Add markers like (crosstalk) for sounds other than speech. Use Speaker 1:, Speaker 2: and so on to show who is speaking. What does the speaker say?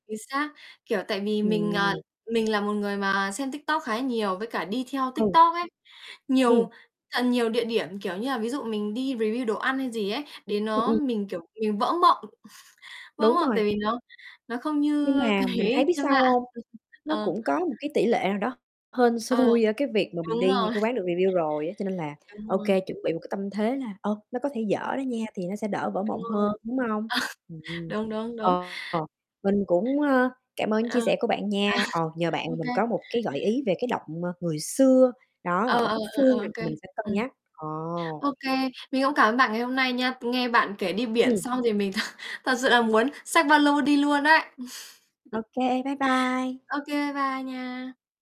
Speaker 1: Chính xác, kiểu, tại vì mình, à,
Speaker 2: Ừm.
Speaker 1: mình là một người mà xem TikTok khá là nhiều với cả đi theo
Speaker 2: Ừ.
Speaker 1: TikTok ấy, nhiều
Speaker 2: Ừm.
Speaker 1: thật nhiều địa điểm, kiểu như là, ví dụ mình đi review đồ ăn hay gì ấy, đến nó
Speaker 2: (unintelligible)
Speaker 1: mình, kiểu, mình vỡ mộng. (chuckles) Vỡ
Speaker 2: Đúng
Speaker 1: mộng
Speaker 2: rồi.
Speaker 1: tại vì nó nó không như,
Speaker 2: Nhưng
Speaker 1: ơ,
Speaker 2: mà mình
Speaker 1: cái
Speaker 2: thấy biết
Speaker 1: trên
Speaker 2: sao
Speaker 1: mạng.
Speaker 2: hông?
Speaker 1: Ừm,
Speaker 2: Nó
Speaker 1: ờ.
Speaker 2: cũng có một cái tỉ lệ nào đó hên
Speaker 1: Ờ,
Speaker 2: xui ở cái việc mà mình
Speaker 1: đúng
Speaker 2: đi những
Speaker 1: rồi.
Speaker 2: cái quán được review rồi á, cho nên là
Speaker 1: Đúng
Speaker 2: OK,
Speaker 1: rồi.
Speaker 2: chuẩn bị một cái tâm thế là, ờ, nó có thể
Speaker 1: Đúng.
Speaker 2: dở đó nha, thì nó sẽ đỡ vỡ
Speaker 1: Đúng
Speaker 2: mộng
Speaker 1: rồi.
Speaker 2: hơn, đúng hông?
Speaker 1: (chuckles)
Speaker 2: Ừm,
Speaker 1: Đúng, đúng, đúng.
Speaker 2: ờ, mình cũng, ơ, cảm ơn
Speaker 1: Ờ.
Speaker 2: chia sẻ của bạn nha, ờ, nhờ
Speaker 1: (chuckles)
Speaker 2: bạn
Speaker 1: Ô
Speaker 2: mà mình
Speaker 1: kê.
Speaker 2: có một cái gợi ý về cái động, ờ, Người Xưa, đó,
Speaker 1: Ờ,
Speaker 2: ở
Speaker 1: ờ,
Speaker 2: Cúc
Speaker 1: ờ, ờ,
Speaker 2: Phương, rồi
Speaker 1: ô kê,
Speaker 2: thì mình sẽ cân
Speaker 1: ừm.
Speaker 2: nhắc, ồ.
Speaker 1: Ô kê, mình cũng cảm ơn bạn ngày hôm nay nha, nghe bạn kể đi biển
Speaker 2: Ừm.
Speaker 1: xong thì mình thật thật sự là muốn xách ba lô đi luôn ấy.
Speaker 2: Ô
Speaker 1: (chuckles)
Speaker 2: kê, bye bye!
Speaker 1: Ô kê, bye nha!